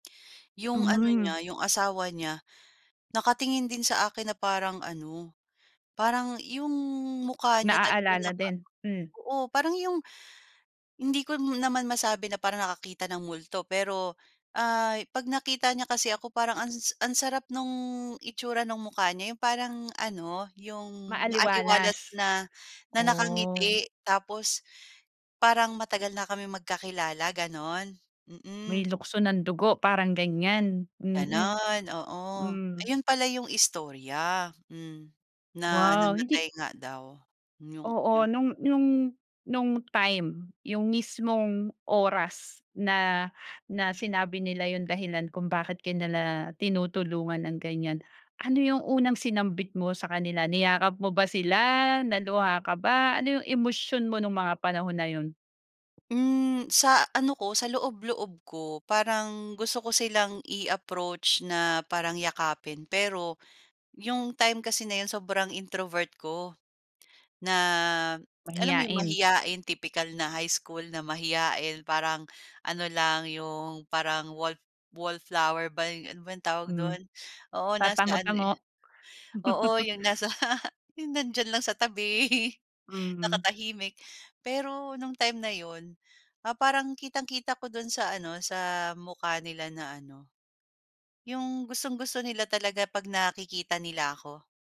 'Yong ano Mhm. niya, 'yong asawa niya, nakatingin din sa akin na parang ano, parang, 'yong mukha niya talagang Naaalala naka din. Hmm. oo, parang 'yong hindi ko m naman masabi na parang nakakita ng multo. Pero, ay 'pag nakita niya kasi ako, parang ans ang sarap no'ng itsura no'ng mukha niya. 'Yong parang ano, 'yong maaliwalas Maaliwalas. na na Oh. nakangiti, tapos parang matagal na kaming magkakilala gano'n, May mm. lukso ng dugo parang ganiyan, mm. Gano'n, oo. Hmm. Ayun pala 'yong istorya. Hmm, na Wow namatay hindi nga daw 'yong 'yong Oo, no'ng no'ng no'ng time, 'yong mismong oras, na na sinabi nila 'yong dahilan kung bakit ka nila tinutulungan ng ganiyan. Ano 'yong unang sinambit mo sa kanila? Niyakap mo ba sila, naluha ka ba, ano 'yong emosyon mo no'ng mga panahon na 'yon? Hmm, sa ano ko sa loob-loob ko, parang gusto ko silang i-approach na parang yakapin. Pero, 'yong time kasi na 'yon sobrang introvert ko. Na, alam mo 'yong Mahiyain. mahiyain, typical na high school na mahiyain, parang ano lang, 'yong parang wall wallflower ba 'yo ano ba 'yong tawag Hmm, do'n? Oo, nasa ano, eh tatango-tango. oo, 'yong nasa 'yong nandiyan lang sa tabi, Mm. nakatahimik. Pero, no'ng time na 'yon, ah, parang kitang-kita ko do'n sa ano, sa mukha nila na ano, 'yong gustong-gusto nila talaga 'pag nakikita nila ako.